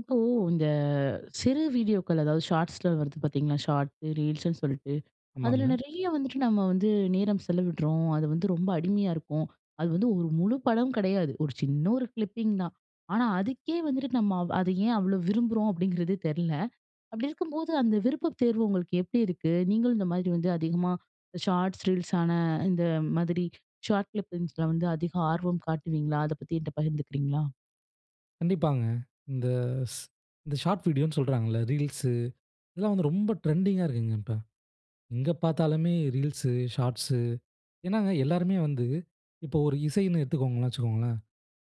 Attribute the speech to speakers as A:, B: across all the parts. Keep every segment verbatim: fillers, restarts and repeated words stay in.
A: இப்போ, இந்த அ சிறு வீடியோக்கள் அதாவது ஷார்ட்ஸில வருது பார்த்திங்களா? ஷார்ட் ரீல்ஸ்ன்னு சொல்லிட்டு. அதில
B: ஆமாங்க.
A: நிறைய வந்துட்டு நம்ம வந்து நேரம் செலவிடுறோம். அது வந்து ரொம்ப அடிமையா இருக்கோம். அது வந்து ஒரு முழு படம் கிடையாது, ஒரு சின்ன ஒரு கிளிப்பிங் தான். ஆனா அதுக்கே வந்துட்டு நம்ம அது ஏ அவ்ளோ விரும்ப்றோம் அப்டிங்கிறது தெரில. அப்படி இருக்கும்போது அந்த விருப்பத் தேர்வு உங்களுக்கு எப்படி இருக்கு? நீங்களும் இந்த மாதிரி வந்து அதிகமா ஷார்ட்ஸ் ரீல்ஸான அந்த மாதிரி ஷார்ட் கிளிப்பிங்ஸில்ல வந்து அதிக ஆர்வம் காட்டுவீங்களா அதப்பத்தி என்ட்ட பகிர்ந்துக்கிறீங்களா?
B: கண்டிப்பாங்க, இந்த இஸ் இந்த ஷார்ட் வீடியோனு சொல்றாங்கல்ல? ரீல்ஸ், இதெல்லாம் வந்து ரொம்ப ட்ரெண்டிங்கா இருக்குங்க இப்ப. எங்கே பாத்தாலுமே ரீல்ஸ், ஷார்ட்ஸ் ஏன்னாங்க எல்லோருமே வந்து இப்போ ஒரு இசைன்னு எடுத்துக்கோங்கன்னு வச்சுக்கோங்களேன்,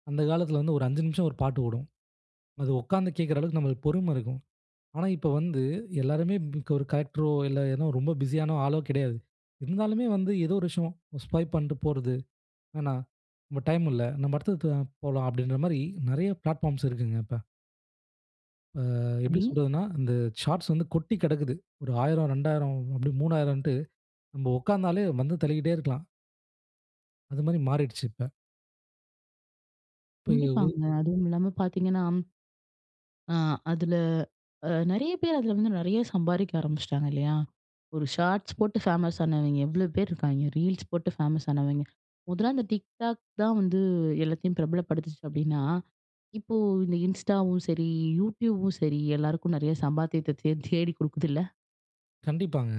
B: அந்த காலத்தில வந்து ஒரு அஞ்சு நிமிஷம் ஒரு பாட்டு ஓடும். அது உக்கார்ந்து கேக்கிற அளவுக்கு நமக்கு பொறும இருக்கும். ஆனா இப்போ வந்து எல்லோருமே இப் ஒரு கலெக்டரோ இல்ல ஏதோ ரொம்ப பிஸியான ஆளோ கிடையாது. இருந்தாலுமே வந்து ஏதோ ஒரு விஷயம் ஸ்வைப் பண்ட்டு போறது என்ன, "டைம் இல்ல. நம்ம அடுத்தடுத்து போவோம், போலாம்" அப்டிங்கற மாரி நிறைய பிளாட்பார்ம்ஸ் இருக்குங்க இப்ப. அ. எப்படி
A: ரி.
B: சொல்றதுனா. அந்த ஷார்ட்ஸ் வந்து கொட்டி கடக்குது. ஒரு ஆயிரம், இரண்டாயிரம், இப்டி மூன்னாயின்ட்டு நம்ம உட்காந்தாலே வந்து தள்ளிகிட்டே இருக்கலாம். அது மாரி மாறிடுச்சு இப்ப. இப்பவு
A: கண்டிப்பாங்க. அதுவும் இல்லாம பார்த்தீங்கன்னா, அ அதில அ நிறைய பேர் அதில வந்து நிறைய சம்பாரிக்க ஆரம்பிச்சிட்டாங்க இல்லையா? ஒரு ஷார்ட்ஸ் போட்டு ஃபேமஸ் ஆனவிங்க எவ்வளோ பேர் இருக்காங்க, ரீல்ஸ் போட்டு ஃபேமஸ் ஆனவிங்க. முதல்ல அந்த டிக் டாக் தான் வந்து எல்லாத்தையும் பிரபலப்படுத்துச்சு அப்படின்னா. இப்போ இந்த இன்ஸ்டாவும், சரி யூடியூபும் சரி எல்லாருக்கும் நிறைய சம்பாத்தியத்த தே தேடி கொடுக்குதுல்ல?
B: கண்டிப்பாங்க.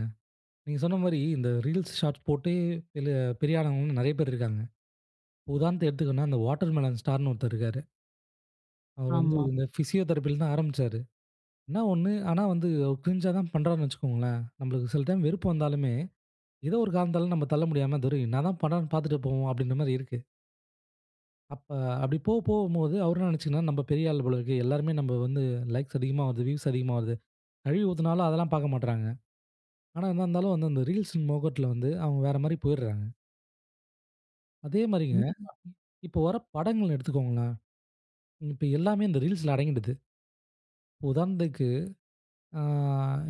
B: நீங்க சொன்ன மாரி இந்த ரீல்ஸ் ஷார்ட் போட்டே பேல பெரிய ஆள் ஆளுங்கள நிறைய பேர் இருக்காங்க. உதாரணத்துக்கு எடுத்துக்குன அந்த வாட்டர்மெலான் ஸ்டாருனு ஒருத்தர் இருக்காரு. அவர் வந்து
A: ஆமா.
B: இந்த பிசியோதெரபில தான் ஆரம்பிச்சாரு. இன்னா ஒண்ணு ஆனா வந்து அவரு கிரிஞ்சா தான் பன்றாருனு வச்சிக்கோங்களேன். நம்மளுக்கு சில டைம் வெறுப்பு வந்தாலுமே, ஏதோ ஒரு காரணத்தால நம்ம தள்ள முடியாம "துரை என்ன தான் பன்றாருனு பார்த்துட்டு போவோம்" அப்படின்ற மாரி இருக்கு. அப்ப அப்படி போ போவும்போது அவரு என்ன நினைச்சிக்கினான்ன நம்ம பெரிய ஆள் போல இருக்கு. எல்லோருமே நம்ப வந்து லைக்ஸ் அதிகமா வருது, வியூஸ் அதிகமா வருது. கழுவி ஊத்துனாலும் அதெல்லாம் பாக்க மாட்றாங்க. ஆனா, என்ன இருந்தாலும் வந்து அந்த ரீல்ஸ் மோகத்துல வந்து அவங்க வேற மாரி போயிட்றாங்க. அதே மாரிங்க,
A: ண்டிப்பா.
B: இப்போ வர்ற படங்கள எடுத்துக்கோங்களேன். இப்ப எல்லாமே, இந்த Reelsல அடங்கிடுது. உதாரணத்துக்கு, ஆ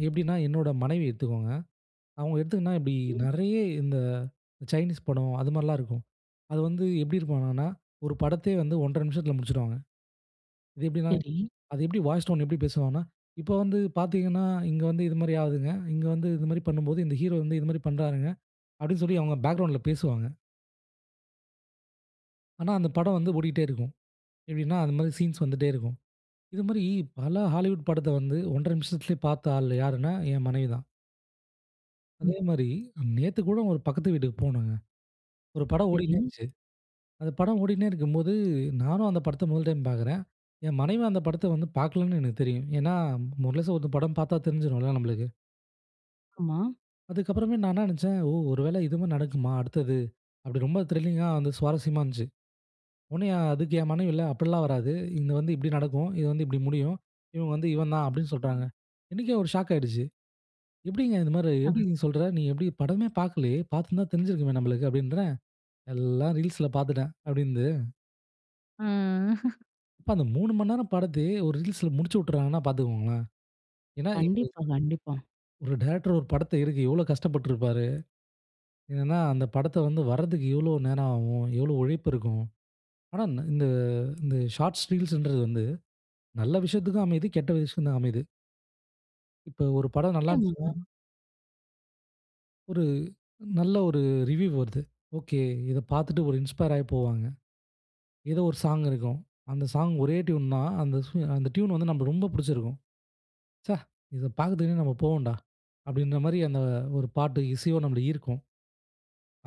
B: எப்டீன்னா, என்னோட மனைவிய எடுத்துக்கோங்க. அவங்க, எடுத்துக்குனா எப்டி,
A: ம்.
B: நெறைய இந்த, சைனீஸ் படம். அது மாரிலாம் இருக்கும். அது வந்து எப்டி இருக்கும்னா னா ஒரு படத்தையே வந்து ஒன்ற நிமிஷத்துல முடிச்சுருவாங்க. இது எப்டீன்னா,
A: செரி.
B: அது எப்படி வாய்ஸ் டோன் எப்டி பேசுவாங்கன்னா, இப்ப வந்து பாத்தீங்கன்னா, இங்க வந்து இது மாரி ஆவுதுங்க. இங்க வந்து இது மாரி பண்ணும்போது, இந்த ஹீரோ வந்து இது மாரி பண்ணுறாருங்க. அப்டீன்னு சொல்லி, அவங்க பேக்கிரவுண்ட்ல பேசுவாங்க. ஆனா, அந்த படம் வந்து, ஓடிட்டே இருக்கும். எப்டீன்னா, அந்த மாரி சீன்ஸ் வந்துட்டே இருக்கும். இது மாரி, பல ஹாலிவுட் படத்த வந்து, ஒன்ற நிமிஷத்திலே பாத்த ஆள் யாருனா, என் மனைவி தான்.
A: ம்.
B: அதே மாரி, நேத்து கூட, ஒரு பக்கத்து வீட்டுக்கு போனோங்க. ஒரு படம் ஓடிட்டே
A: செரி.
B: இருந்துச்சு. அந்த படம் ஓடினே இருக்கும்போது, நானும் அந்த படத்த முதல் டைம் பாக்குறேன். என் மனைவியும் அந்த படத்த வந்து, பாக்கலன்னு எனக்கு தெரியும். ஏன்னா, முழுஷா ஒருத்தன் படம் பாத்தா, தெரிஞ்சுரும்ல நம்மளுக்கு.
A: ஆமா.
B: அதுக்கப்பறமே, நான் என்ன நெனைச்சேன், ஒ "ஒருவேளை இதும நடக்குமா? அடுத்தது?" அப்புடி ரொம்ப த்ரில்லிங்கா, வந்து சுவாரசியமா இருந்துச்சு. ஒன்னே அதுக்கு என் மனைவி, "இல்ல அப்டீல்லாம் வராது. இங்கு வந்து இப்டி நடக்கும். இது வந்து இப்டி முடியும். இவன் வந்து, இவன் தான்" அப்டீன்னு சொல்றாங்க. எனக்கே ஒரு ஷாக் ஆயிருச்சு. எப்டீங்க இந்த மாரி, "எப்டி
A: ஆ.
B: நீ சொல்ற? நீ எப்டி படமே பாக்கலையே. பாத்திருந்தா தெரிஞ்சுருக்குமே நம்மளுக்கு?" அப்டீன்றேன். "எல்லாம் ரீல்ஸ்ல பாத்துட்டேன்" அப்டீன்னுது.
A: ம்
B: இப்ப அந்த மூணு நேரம் படத்தயே, ஒரு ரிலீஸ்‌ல முடிச்சு விட்டுறாங்கன்னா பார்த்துக்கோங்களேன். ஏன்னா எ
A: கண்டிப்பா, கண்டிப்பா.
B: ஒரு டைரக்டர் ஒரு படத்த எடுக்க எவ்ளோ கஷ்டப்பட்டுருப்பாரு? என்னென்னா, அந்த படத்த வந்து வரதுக்கு எவ்வளோ நேரம் ஆகும், எவ்ளோ உழைப்பு இருக்கும், ஆனா இந் இந்த இந்த ஷார்ட்ஸ், ரீல்ஸ்ன்றது வந்து, நல்ல விஷயத்துக்கும் அமையுது, கெட்ட விஷயத்துக்கும் தான் அமையுது. இப்ப, ஒரு படம் நல்லா இருந்துச்சுன்னா
A: நிச்சயமாங்க.
B: ஒரு நல்ல ஒரு ரிவ்வியூ வருது. ஓகே இத பார்த்துட்டு ஒரு இன்ஸ்பயர் ஆயி போவாங்க. ஏதோ ஒரு சாங் இருக்கும். அந்த சாங் ஒரே டியூன் தான் அந்த சு, அந்த டியூன் வந்து நம்ம ரொம்ப பிடிச்சிருக்கும். "ச்ச, இதப் பாக்கறதுக்குன்னே நாம போவோம்டா", அப்படின்ற மாதிரி அந்த ஒரு பாட்டு, இசையும் நம்மள ஈர்க்கும்.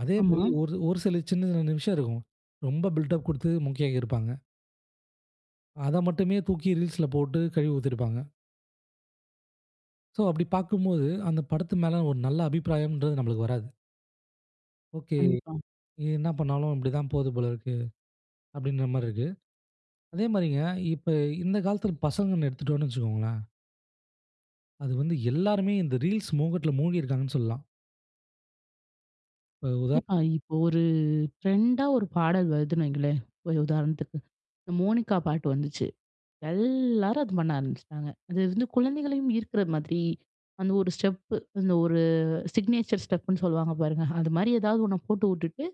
B: அதே மாரி
A: ஆமா.
B: ஒரு ஒரு சில சின்ன, சின்ன விஷயம் இருக்கும். ரொம்ப பில்டப் குடுத்து, மொக்கையாக்கிருப்பாங்க. அத மட்டுமே தூக்கி ரீல்ஸ்ல போட்டு கழுவி ஊத்திருப்பாங்க. சோ அப்படி பார்க்கும்போது, அந்த படத்து மேல ஒரு நல்ல அபிப்பிராயம்ன்றது நம்மளுக்கு வராது ஓகே
A: கண்டிப்பா.
B: இது என்ன பண்ணாலும் இப்படி தான் போகுது போல இருக்கு அப்படின்ற மாரி இருக்கு. அதே மாரிங்க இப்ப, இந்த காலத்துல பசங்கன்னு எடுத்துகிட்டோம்னு வச்சுக்கோங்களேன் அது வந்து எல்லாருமே இந்த Reels மோகத்ல மூழ்கி இருக்காங்கன்னு சொல்லலாம். இப்ப ஒரு உதா
A: கண்டிப்பா. இப்ப ஒரு ட்ரெண்டா ஒரு பாடல் வருதுன்னு வைங்களேன் ஒரு உதாரணத்துக்கு. இந்த மோனிக்கா பாட்டு வந்துச்சு. எல்லாரும் அத பண்ண ஆரம்பிச்சுட்டாங்க. அது வந்து குழந்தைகளையும் ஈர்க்கிற மாதிரி அந்த ஒரு ஸ்டெப்பு. அந்த ஒரு சிக்னேச்சர் ஸ்டெப் புன்னு சொல்லுவாங்க பாருங்க. அது மாரி எதாவது ஒண்ண போட்டு வுட்டுட்டு,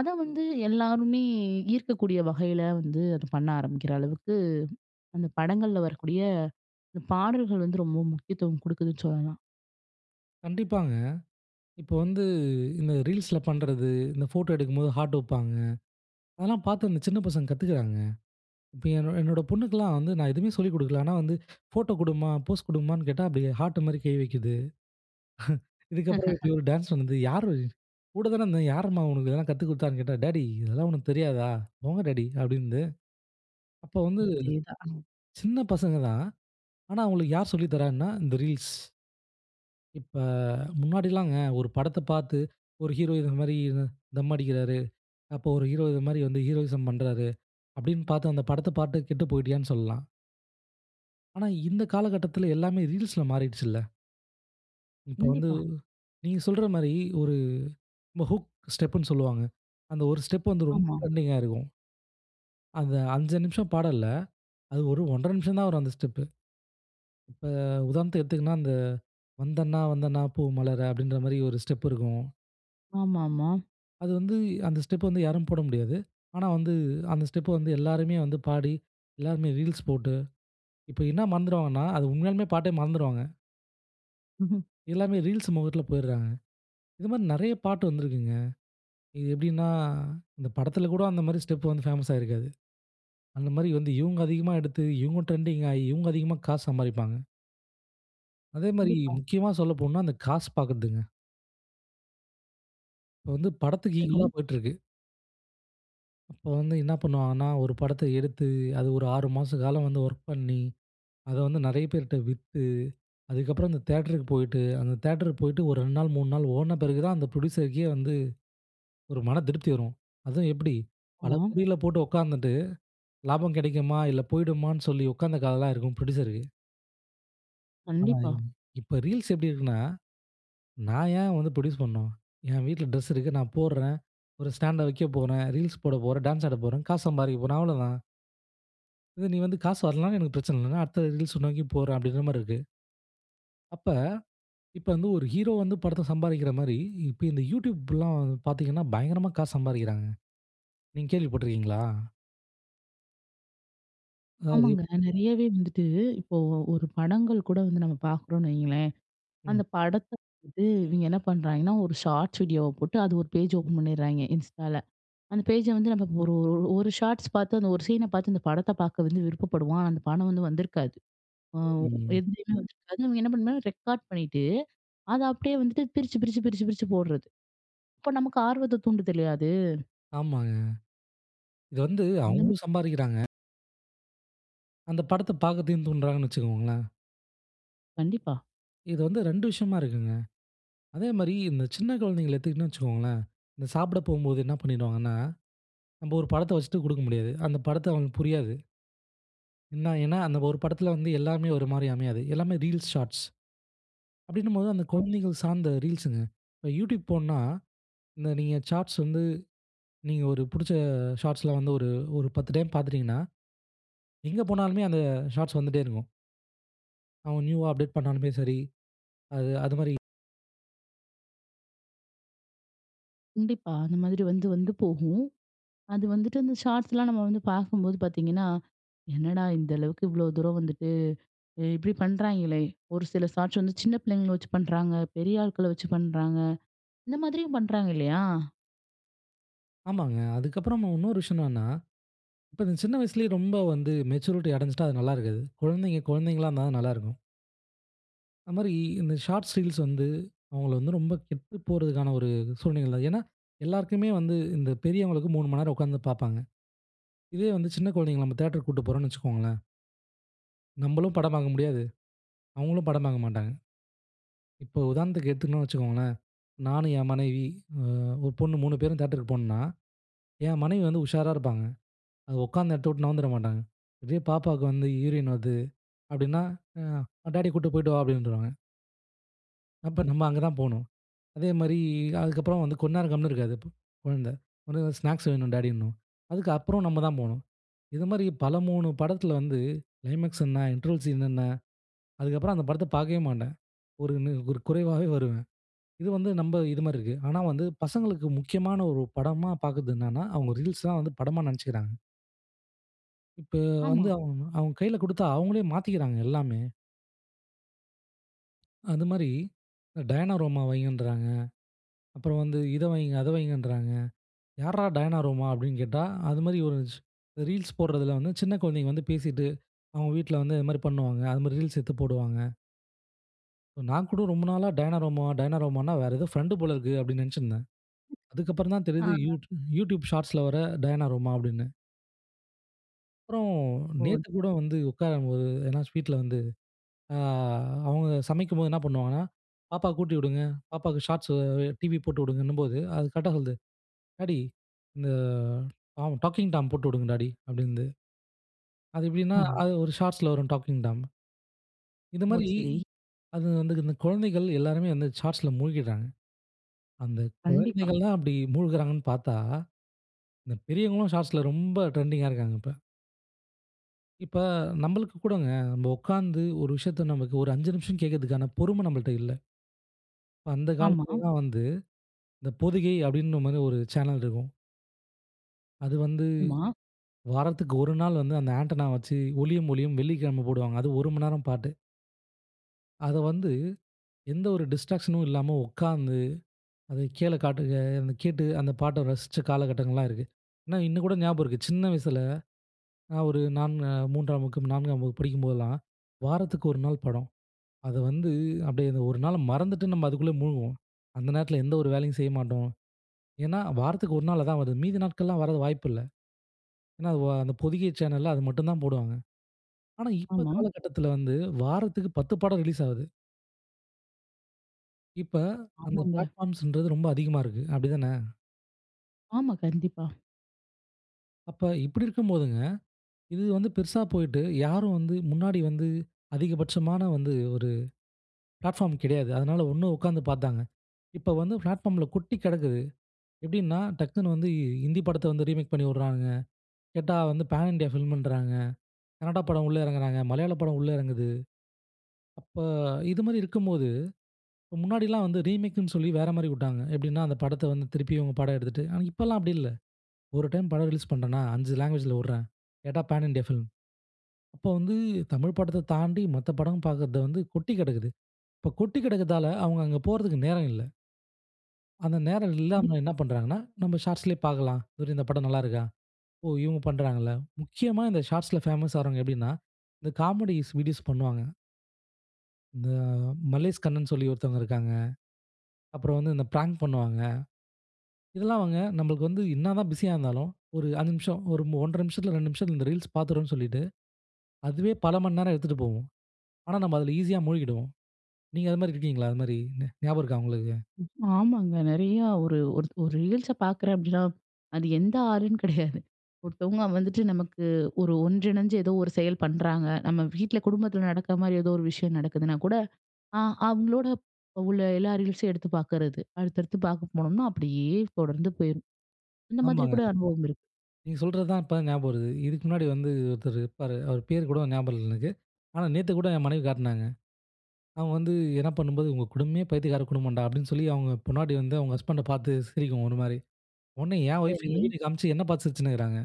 A: அத வந்து எல்லாருமே ஈர்க்கக்கூடிய வகையில வந்து அத பண்ண ஆரம்பிக்கிற அளவுக்கு, அந்த படங்கள்ல வரக்கூடிய இந்த பாடல்கள் வந்து ரொம்ப முக்கியத்துவம் குடுக்குதுன்னு சொல்லலாம்.
B: கண்டிப்பாங்க. இப்ப வந்து இந்த Reelsல பண்றது, இந்த ஃபோட்டோ எடுக்கும்போது ஹார்ட் வைப்பாங்க, அதெல்லாம் பார்த்து இந்த சின்ன பசங்க கத்துக்குறாங்க. இப்ப என்ன என்னோட பொண்ணுக்கலாம் வந்து நான் எதுவுமே சொல்லிக் குடுக்கல. ஆனா வந்து ஃபோட்டோ குடுமா, போஸ் குடுமான்னு கேட்டா அப்படியே ஹார்ட் மாரி கை வைக்குது. இதுக்கப்பறம் இப்படி ஒரு டான்ஸ் பண்ணுது. யாரு? கூட தான இருந்தேன். யாரம்மா உனக்கு இதெல்லாம் கத்துக் குடுத்தான்னு கேட்டா, "டேடி இதெல்லாம் உனக்கு தெரியாதா? போங்க டேடி" அப்படின்து. அப்போ வந்து
A: அதேதான். அம்.
B: சின்ன பசங்க தான், ஆனா அவங்களுக்கு யார் சொல்லித் தர்றான்னா இந்த Reels. இப்ப முன்னாடில்லாங்க ஒரு படத்த பார்த்து ஒரு ஹீரோ இத மாரி தம் அடிக்கிறாரு. அப்போ ஒரு ஹீரோ இது மாரி வந்து ஹீரோயிசம் பண்றாரு. அப்படின்னு பார்த்து, அந்த படத்த பாட்டு கெட்டு போய்ட்டியான்னு சொல்லலாம். ஆனா, இந்த காலகட்டத்தில எல்லாமே ரீல்ஸ்ல மாறிடு்ச்சுல? இப்ப வந்து
A: கண்டிப்பா.
B: நீங்க சொல்ற மாரி ஒரு நம்ப ஹூக் ஸ்டெப்ன்னு சொல்லுவாங்க. அந்த ஒரு ஸ்டெப் வந்து ரொம்ப
A: ஆமா.
B: டிரெண்டிங்காயி இருக்கும். அந்த அஞ்சு நிமிஷ பாடல்ல, அது ஒரு ஒன்றரை நிமிஷம் தான் வரும் அந்த ஸ்டெப்பு. இப்ப உதாரணத்துக்கு எடுத்துக்கன்னா அந்த வந்தண்ணா வந்தண்ணா பூ மலர அப்படின்ற மாதிரி ஒரு ஸ்டெப் இருக்கும்.
A: ஆமாமா.
B: அது வந்து அந்த ஸ்டெப் வந்து யாரும் போட முடியாது. ஆனா வந்து அந்த ஸ்டெப்ப வந்து எல்லாருமே வந்து பாடி எல்லாருமே ரீல்ஸ் போட்டு இப்போ என்ன மறந்துடுவாங்கன்னா, அது உண்மையாலுமே பாட்டே மறந்துருவாங்க.
A: ம்ஹம்.
B: எல்லாமே ரீல்ஸ் மோகத்தில போயர்றாங்க. இது மாரி நிறைய பாட்டு வந்திருக்குங்க. இது எப்படின்னா இந்த படத்தில் கூட அந்த மாதிரி ஸ்டெப் வந்து பேமஸ்சாயி இருக்காது. அந்த மாதிரி வந்து இவங்க அதிகமா எடுத்து இவங்க டிரெண்டிங்காயி இவங்க அதிகமா காசு சம்பாதிப்பாங்க. அதே மாரி
A: கண்டிப்பா.
B: முக்கியமா சொல்லப்போனோ அந்த காசு பார்க்கிறதுங்க. இப்போ வந்து படத்துக்கு ஈக்வோலா
A: சரி.
B: போய்ட்டு இருக்கு. அப்போ வந்து என்ன பண்ணுவாங்கன்னா, ஒரு படத்த எடுத்து அது ஒரு ஆறு மாச காலம் வந்து ஒர்க் பண்ணி அதை வந்து நிறைய பேர்ட்ட வித்து அதுக்கப்புறம் அந்த தியேட்டருக்கு போயிட்டு ஒரு ரெண்டு நாள் மூணு நாள் ஓட்ன பிறகு தான் அந்த ப்ரொடியூசருக்கே வந்து ஒரு மன திருப்தி வரும். அதுவும் எப்படி பல
A: ஆமா.
B: கோடிகள போட்டு உட்காந்துட்டு, லாபம் கிடைக்குமா? இல்ல போயிடுமான்னு சொல்லி உட்காந்த கதலாம் இருக்கும் ப்ரொடியூசருக்கு. ஆனா,
A: கண்டிப்பா.
B: இவங்க இப்ப Reels எப்டி இருக்குன்னா. நான் ஏன் வந்து புரொடியூஸ் பண்ணும்? என் வீட்ல ட்ரெஸ் இருக்கு. நான் போடுறேன். ஒரு ஸ்டாண்ட வைக்கப் போறேன். ரீல்ஸ் போடப் போறேன். டான்ஸ் ஆடப் போறேன். காசு சம்பாரிக்க போறேன். அவ்ளோதான். இது நீ வந்து காசு வரலனா எனக்கு பிரச்சன இல்ல. நான் அடுத்த Reels அ நோக்கி போறேன், அப்டீங்கிற மாரி இருக்கு. அப்ப இப்போ வந்து ஒரு ஹீரோ வந்து படத்துல சம்பாரிக்கிற மாரி, இப்ப இந்த YouTubeலாம் பாத்தீங்கன்னா பயங்கரமா காசு சம்பாரிக்கிறாங்க. நீங்க கேள்வி பட்டுருக்கீங்களா? அதாவது
A: ஆமாங்க. நிறையாவே வந்துட்டு இப்போ ஒரு படங்கள் கூட வந்து நம்ம பாக்குறோன்னு வைங்களேன்.
B: ம்.
A: அந்த படத்த வந்து இவிங்க என்ன பண்றாய்ங்கன்னா, ஒரு Shorts வீடியோவா போட்டு, அது ஒரு பேஜ் ஓப்பன் பண்ட்றாய்ங்க, Instaல. அந்த பேஜ, வந்து நம்ம ஒரு ஒரு Shorts பாத்து அந்த ஒரு சீன பாத்து அந்த படத்த பாக்க வந்து விருப்பப்படுவோம். ஆனா, அந்த படம் வந்து வந்திருக்காது. வோ
B: ம்.
A: எதுலயுமே வந்திருக்காது. அவங்க என்ன பண்ணுனா ரெக்கார்ட் பண்ணிட்டு, அத அப்டியே வந்துட்டு பிரிச்சு பிரிச்சு பிரிச்சு பிரிச்சு போடுறது. இப்ப நமக்கு ஆர்வத்தை தூண்டுதில்லையா அது?
B: ஆமாங்க. இது வந்து,
A: அந்தம.
B: அவுங்களும் சம்பாரிக்கிறாங்க. அந்த படத்த பாக்கதையும் தூண்றாங்கன்னு வச்சுக்கோங்களேன்.
A: கண்டிப்பா.
B: இது வந்து ரெண்டு விஷயமா இருக்குங்க. அதே மாரி இந்த சின்ன குழந்தைகள எடுத்துக்கிட்டோனு வச்சுக்கோங்களேன். இந்த சாப்பிட போம்போது என்ன பண்ணிடுவாங்கன்னா, நம்ப ஒரு படத்த வச்சுட்டு கொடுக்க முடியாது. அந்த படத்தை அவங்களுக்கு புரியாது. என்ன ஏன்னா அந்த ஒரு படத்துல வந்து எல்லாமே ஒரு மாரி அமையாது. எல்லாமே ரீல்ஸ், ஷார்ட்ஸ் அப்படின்னும்போது அந்த குழந்தைகள் சார்ந்த ரீல்ஸ்சுங்க. இப்போ யூட்யூப் போன்னா, இந்த நீங்க ஷார்ட்ஸ் வந்து நீங்க ஒரு பிடிச்ச ஷார்ட்ஸ்ல வந்து ஒரு ஒரு பத்து டைம் பார்த்துட்டீங்கன்னா. எங்க போனாலுமே அந்த ஷார்ட்ஸ் வந்துட்டே இருக்கும். அவங்க நியூவா அப்டேட் பண்ணாலுமே சரி. அது அதுமாரி.
A: கண்டிப்பா. அந்த மாதிரி வந்து, வந்து போகும். அது வந்துட்டு, அந்த ஷார்ட்ஸ்லாம் நம்ம வந்து பார்க்கும்போது பார்த்தீங்கன்னா, என்னடா இந்த அளவுக்கு இவ்ளோ தூரம் வந்துட்டு, இ இப்படி பண்ணுறாய்ங்களே? ஒரு சில ஷாட்ஸ் வந்து சின்ன பிள்ளைங்கள வச்சு பண்ணுறாங்க. பெரிய ஆட்கள வச்சு பண்ணுறாங்க. இந்த மாதிரியும் பண்ணுறாங்க, இல்லையா?
B: ஆமாங்க. அதுக்கப்புறம் இன்னொரு விஷயம் என்னன்னா, இப்ப இந்த சின்ன வயசுலயே ரொம்ப வந்து மெச்சூரிட்டி அடைஞ்சுட்டா அது நல்லா இருக்காது. குழந்தைங்க குழந்தைங்களா இருந்தா தான் நல்லா இருக்கும். அது அமரி இந்த ஷார்ட்ஸ், ரீல்ஸ் வந்து, அவங்களை வந்து ரொம்ப கெட்டு போறதுக்கான ஒரு சூழ்நிலைகள். ஏன்னா, எல்லாருக்குமே வந்து இந்த பெரியவங்களுக்கு மூணு மணி நேரம் உக்காந்து பாப்பாங்க. இதே வந்து சின்ன குழந்தைகளை, நம்ம தேட்டருக்கு கூட்டு போறோம்ன்னு வச்சுக்கோங்களேன் நம்மளும் படம் பாக்க முடியாது. அவங்களும் படம் பாக்க மாட்டாங்க. இப்போ, உதாரணத்துக்கு எதுத்துன்னோம் வச்சுக்கோங்களேன். நானும் என் மனைவி, அ ஒரு பொண்ணு மூணு பேரும் தேட்டருக்கு போனோம்ன்னா, என் மனைவி வந்து, உஷாரா இருப்பாங்க. அதை ஒக்காந்த எடத்தை விட்டு, நவுந்துர மாட்டாங்க. அப்படியே பாப்பாவுக்கு வந்து யூரின் வருது அப்படின்னா, "அ டாடிய கூட்டு போய்ட்டு வா" அப்படின்ருவாங்க. அப்ப நம்ம அங்க தான் போணும். அதேமாதிரி அதுக்கப்புறம் வந்து கொன் நேரம் கம்முனு இருக்காது. ப கொழந்தை ஒடனே வந்து, ஸ்நாக்ஸ் வேணும், டாடிணும். அதுக்கப்புறம் நம்ம தான் போணும். இது மாரி, பல மூணு படத்துல வந்து ளைமேக்ஸ் என்ன, இன்ட்ரவல் சீன் என்ன. அதுக்கப்புறம், அந்த படத்தை பாக்கவே மாட்டேன். ஒரு நிற் ஒரு குறைவாவே வருவேன். இது வந்து, நம்ம இது மாரி இருக்கு. ஆனா வந்து, பசங்களுக்கு முக்கியமான ஒரு படமா பாக்குறது என்னன்னா. அவங்க ரீல்ஸ் தான் வந்து படமா நெனைச்சுக்கிறாங்க. இப்போ
A: ஆமா.
B: வந்து, அவங் அவங்க கையில குடுத்தா, அவங்களே மாத்திக்கிறாங்க எல்லாமே. அந்த மாரி அ டயனாரோமா வையின்ராங்க. அப்புறம் வந்து இதை வையுங்க, அதை வையுங்கன்றாங்க. யார்ரா டயனாரோமா அப்படின்னு கேட்டா, அது மாதிரி ஒரு ஸ் ரீல்ஸ் போடுறதுல வந்து, சின்ன கொழந்தைங்க வந்து பேசிட்டு, அவங்க வீட்ல வந்து இது மாரி பண்ணுவாங்க. அது மாரி, ரீல்ஸ் எடுத்து போடுவாங்க. நான் கூட ரொம்ப நாளா டயனாரோமா டயனாரோமானா வேற ஏதோ ஃபிரெண்ட்டு போல இருக்கு அப்படின்னு நினைச்சிருந்தேன். அதுக்கப்புறம் தான் தெரிகிறது
A: ஆ.
B: யூட் YouTube Shortsல வர டயனாரோமா அப்படின்னு. அப்புறோம்
A: ஓ! த்
B: நேத்துகூட வந்து உட்காரும்போது ஏன்னா ஸ்வீட்ல வந்து ஆ அவங்க சமைக்கும்போது என்ன பண்ணுவாங்கன்னா, பாப்பாக்கு ஊட்டிவிடுங்க. பாப்பாக்கு Shorts அ டிவி போட்டுவிங்கன்னுபோது, அது கரெக்ட்டா சொல்லுது "டாடி, இந்த டாம் Talking Tom போட்டு உடுங்க டாடி" அப்படின்து. அது எப்படின்னா
A: அஹ.
B: அது ஒரு Shortsல வரும் Talking Tom. இந்த
A: ஓ!
B: மாரி
A: சரி.
B: அது வந்து இந்த குழந்தைகள் எல்லாருமே வந்து Shortsல மூழ்கிடுறாங்க. அந்த
A: கண்டிப்பா.
B: குழந்தைகளலாம் அப்படி மூழ்கிறாங்கன்னு பார்த்தா. இந்த பெரியவர்களும் Shortsல ரொம்ப ட்ரெண்டிங்கா இருக்காங்க. இப்ப. இப்ப நம்பளுக்கு கூடங்க. நம்ம உட்கார்ந்து ஒரு விஷயத்த நமக்கு ஒரு அஞ்சு நிமிஷம் கேட்கறதுக்கான பொறுமை நம்பள்ட்ட இல்ல. இப்ப அந்த
A: ஆமா.
B: காலத்திலலா வந்து, இந்த பொதிகை அப்படின்ற மாரி ஒரு சேனல் இருக்கும். அது வந்து
A: ஆமா.
B: வாரத்துக்கு ஒரு நாள் வந்து அந்த ஆன்டென்னா வச்சு ஒளியும் ஒலியும் வெள்ளிக்கிழமை போடுவாங்க அது ஒரு மணி நேரம் பாட்டு. அத வந்து எந்த ஒரு டிஸ்ட்ராக்ஷனும் இல்லாம உட்கார்ந்து அத கீழே காட்டு அ அதை கேட்டு அந்த பாட்டை ரசிச்ச காலகட்டங்கள்லாம் இருக்கு. ஆனா, இன்னும் கூட ஞாபகம் இருக்கு. சின்ன வயசுல, நான் ஒரு நான்னு மூன்றாம் வகுப்பு, நான்காம் வகுப்பு படிக்கும்போதெல்லாம், வாரத்துக்கு ஒரு நாள் படம். அத வந்து அப்படி மறந்துட்டு நம்ம அதுக்குள்ள முழ்குவோம். அந்த நேரத்தில எந்த ஒரு வேலையும் செய்ய மாட்டோம். ஏன்னா வாரத்துக்கு ஒரு நாள் அதான் வருது. மீதி நாட்கள்லாம் வரதுக்கு வாய்ப்பு இல்ல. ஏன்னா வோ அந்த பொதிகை சேனல்ல அத மட்டும் தான் போடுவாங்க. ஆனா, இப்ப
A: ஆமா.
B: காலகட்டத்தில வந்து வாரத்துக்கு பத்து படம் ரிலீஸ் ஆகுது. இப்ப அந்த
A: ஆமாங்க.
B: பிளாட்ஃபார்ம்ஸ்ன்றது ரொம்ப அதிகமா இருக்கு, அப்டித்தான?
A: ஆமா, கண்டிப்பா.
B: அப்ப இப்டி இருக்கும்போதுங்க, இது வந்து பெருசா போயிட்டு யாரும் வந்து முன்னாடி வந்து அதிகபட்சமான வந்து ஒரு பிளாட்ஃபார்ம் கிடையாது. அதுனால ஒண்ணு உட்காந்து பாத்தாங்க. இப்போ வந்து பிளாட்ஃபார்ம்ல கொட்டி கிடக்கு. எப்டின்னா, டக்குனு வந்து ஹிந்தி படத்த வந்து ரீமேக் பண்ணி விடுறாங்குங்க. கேட்டா வந்து பேன் இண்டியா ஃபிலிம் இன்றாங்க. கனடா படம் உள்ள இறங்குறாங்க, மலையாள படம் உள்ள இறங்குது. அப்ப இது மாரி இருக்கும்போது, முன்னாடில்லாம் வந்து ரீமேக்னு சொல்லி வேற மாதிரி விட்டாங்க. எப்டீன்னா, அந்த படத்த வந்து திருப்பி இவங்க படம் எடுத்துட்டு. ஆனா இப்போதெல்லா அப்டி இல்ல. ஒரு டைம் படம் ரிலீஸ் பண்ணுறேனா அஞ்சு லாங்குவேஜ்ல விடுறேன். கேட்டா பேன் இண்டியா ஃபிலிம். அப்போ வந்து தமிழ் படத்த தாண்டி மத்த படம் பாக்குறது வந்து கொட்டி கிடக்குது. இப்போ கொட்டிக் கிடக்குறதால அவங்க அங்கே போறதுக்கு நேரம் இல்ல. அந்த நேரம் இல்லாம
A: கண்டிப்பா.
B: என்ன பண்ணுறாங்கன்னா, நம்ப ஷார்ட்ஸ்லேயே பாக்கலாம். இந்த படம் நல்லா இருக்கா? ஓ! இவங்க பண்ணுறாங்களா? நிச்சயமா இந்த ஷார்ட்ஸ்ல பேமஸ் ஆகுறவங்க எப்டீன்னா, இந்த காமெடி வீடியோஸ் பண்ணுவாங்க. இந்த மல்லேஷ் கண்ணன் சொல்லி ஒருத்தர் இருக்காங்க. அப்புறம் வந்து இந்த பிராங்க் பண்ணுவாங்க. இதெல்லாம் அவங்க நமக்கு வந்து என்ன தான் பிசியா இருந்தாலும், ஒரு ஐந்து நிமிஷம் ஒரு ஒன்றரை நிமிஷத்துல, ரெண்டு நிமிஷத்துல இந்த ரீல்ஸ் பாத்துறோம்னு சொல்லிட்டு, அதுவே பல மணி நேரம் எடுத்துட்டு போவும். ஆனா நம்ப அதுல ஈசியா மூழ்கிடுவோம். நீங்க அது மாதிரி இருக்கிறீங்களா? அது மாதிரி ஞாபகம் இருக்குதா உங்களுக்கு?
A: ஆமாங்க நெறையா ஒரு, ஒரு, ஒரு ரீல்ஸ் பாக்குறேன் அப்டீன்னா, அது எந்த ஆளும் கிடையாது. ஒருத்தவங்க வந்துட்டு நமக்கு ஒரு ஒன்றிணைஞ்சு ஏதோ ஒரு செயல் பண்ணுறாங்க, நம்ப வீட்ல குடும்பத்துல நடக்குற மாதிரி, ஏதோ ஒரு விஷயம் நடக்குதுனா கூட, அ அவங்களோட உள்ள எல்லா ரீல்ஸையும் எடுத்து பாக்குறது. அடுத்தடுத்து பாக்க போனோம்னா, அப்டீயே தொடர்ந்து போயிரும் அந்த மாதிரி
B: ஆமாங்க.
A: கூட அனுபவம் இருக்கு.
B: நீங்க சொல்லுறது தான் இப்ப ஞாபகம் வருது. இதுக்கு முன்னாடி வந்து ஒருத்தர் இருப்பாரு. அவர் பெயர் கூட ஞாபகம் இல்ல எனக்கு. ஆனா, நேத்து கூட என் மனைவி காட்டுனாங்க. அவங்க வந்து என்ன பண்ணும்போது, உங்க குடும்பமே பைத்தியக்கார குடும்பம்டா, அப்டீன்னு சொல்லி அவங்க பொண்டாட்டி வந்து அவங்க ஹஸ்பண்ட்ட பாத்து சிரிக்கும் ஒரு மாரி. உடனே என் ஒய்ஃப் இந்த
A: சரி.
B: வீடியோ காமிச்சி என்னை பாத்து சிரிச்சுனு இருக்கறாங்க.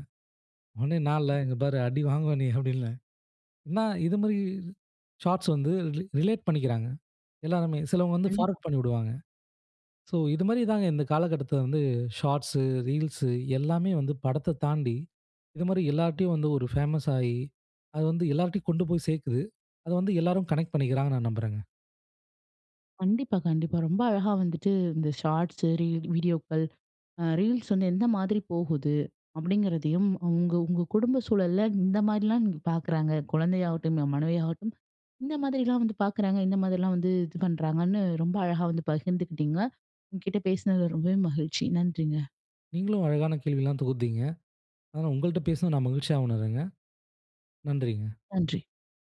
B: உடனே, "நான் இல்ல இங்க பாரு அடி வாங்குவா நீ!" அப்டீன்னேன். என்னா இது மாரி ஷாட்ஸ் வந்து ரிலே ரிலேட் பண்ணிக்குறாங்க. எல்லாருமே சிலவங்க வந்து
A: கண்டிப்பா.
B: ஃபார்வர்ட் பண்ணிவிடுவாங்க. சோ இது மாரி தான் இந்த காலகட்டத்துல வந்து ஷார்ட்ஸ், ரீல்ஸ் எல்லாமே வந்து படத்த தாண்டி, இது மாதிரி எல்லார்ட்டையும் வந்து ஒரு பேமஸ் ஆகி, அது வந்து எல்லார்ட்டையும் கொண்டுபோய் சேர்க்குது. அத வந்து எல்லோரும் கனெக்ட் பண்ணிக்குறங்கனு நான் நம்புறேன்ங்க.
A: கண்டிப்பா, கண்டிப்பா ரொம்ப அழகா வந்துட்டு இந்த ஷார்ட்ஸ், ரீல், வீடியோக்கள், ரீல்ஸ் வந்து எந்த மாதிரி போகுது. அப்டிங்கிறதையும் உங்க உங்க குடும்ப சூழல்ல இந்த மாதிரிலாம் பாக்குறாங்க. குழந்தையாகட்டும், என் மனைவியாகட்டும் இந்த மாதிரிலாம் வந்து பாக்குறாங்க, இந்த மாதிரிலாம் வந்து இது பண்ணுறாங்கன்னு, ரொம்ப அழகா வந்து பகிர்ந்துக்கிட்டீங்க. உங்க கிட்ட பேசுனதுல ரொம்பவே மகிழ்ச்சி. நன்றிங்க.
B: நீங்களும் அழகான கேள்வி எல்லாம் தொகுத்தீங்க. அதனா, உங்கள்ட்ட பேசுனது நான் மகிழ்ச்சியா உணருறேங்க. நன்றிங்க.
A: நன்றி.